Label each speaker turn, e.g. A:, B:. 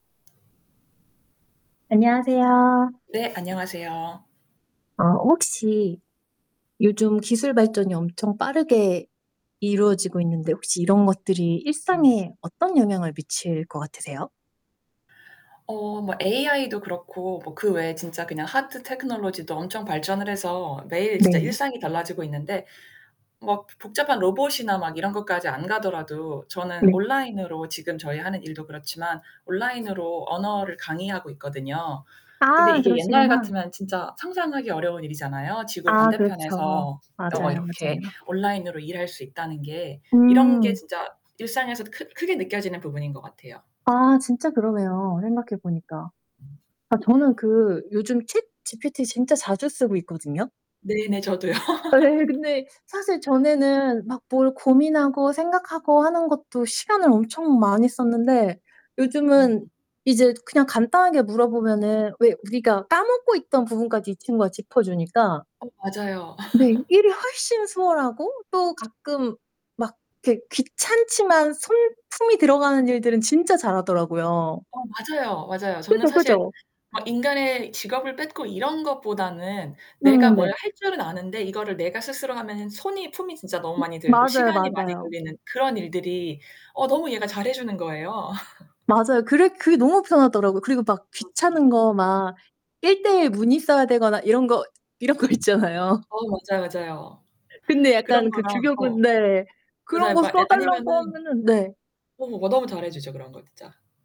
A: 안녕하세요.
B: 네. 안녕하세요.
A: 어 혹시 요즘 기술 발전이 엄청 빠르게 이루어지고 있는데 혹시 이런 것들이
B: 음.
A: 일상에 어떤 영향을 미칠 것 같으세요?
B: 어 뭐 AI도 그렇고 뭐 그 외에 진짜 그냥 Hard Technology도 엄청 발전을 해서 매일 진짜
A: 네.
B: 일상이 달라지고 있는데 뭐 보 복잡한 로봇이나 막 이런 것까지 안 가더라도 저는
A: 네.
B: 온라인으로 지금 저희 하는 일도 그렇지만 온라인으로 언어를 강의하고 있거든요. 근데
A: 아
B: 이게 옛날
A: 그러시구나.
B: 같으면 진짜 상상하기 어려운 일이잖아요. 지구
A: 아 그렇죠.
B: 반대편에서 여거
A: 맞아요,
B: 이렇게
A: 맞아요.
B: 온라인으로 일할 수 있다는 게. 이런 게
A: 음.
B: 진짜 일상에서 크 크게 느껴지는 부분인 것 같아요.
A: 아 진짜 그러네요, 생각해 보니까. 아 저는 그 요즘 ChatGPT 진짜 자주 쓰고 있거든요.
B: 네네. 저도요.
A: 예. 근데 사실 전에는 막 뭘 고민하고 생각하고 하는 것도 시간을 엄청 많이 썼는데
B: 음.
A: 요즘은 이제 그냥 간단하게 물어보면은 왜 우리가 까먹고 있던 부분까지 이 친구가 짚어주니까
B: 어 맞아요.
A: 네. 일이 훨씬 수월하고 또 가끔 막 이렇게 귀찮지만 손품이 들어가는 일들은 진짜 잘하더라고요.
B: 어 맞아요, 맞아요. 저는
A: 그죠,
B: 사실
A: 그죠.
B: 어 인간의 직업을 뺏고 이런 것보다는 내가
A: 음.
B: 뭘
A: 네.
B: 할 줄은 아는데 이거를 내가 스스로 하면은 손이 품이 진짜 너무
A: 음
B: 많이 들고
A: 맞아요,
B: 시간이 많이
A: 맞아요.
B: 걸리는 그런 일들이 어 너무 얘가 잘해주는 거예요.
A: 맞아요. 그래 그게 너무 편하더라고요. 그리고 막
B: 맞아요.
A: 귀찮은 거 막 1 대 1 문의 써야 되거나 이런 거 이런 거 있잖아요.
B: 어 맞아요, 맞아요.
A: 근데
B: 그런
A: 약간 그
B: 거랑
A: 규격은
B: 어.
A: 네. 그런
B: 맞아요.
A: 거
B: 막 예.
A: 써달라고
B: 아니면은
A: 하면은 네.
B: 어 뭐 너무 잘해주죠 그런 거 진짜.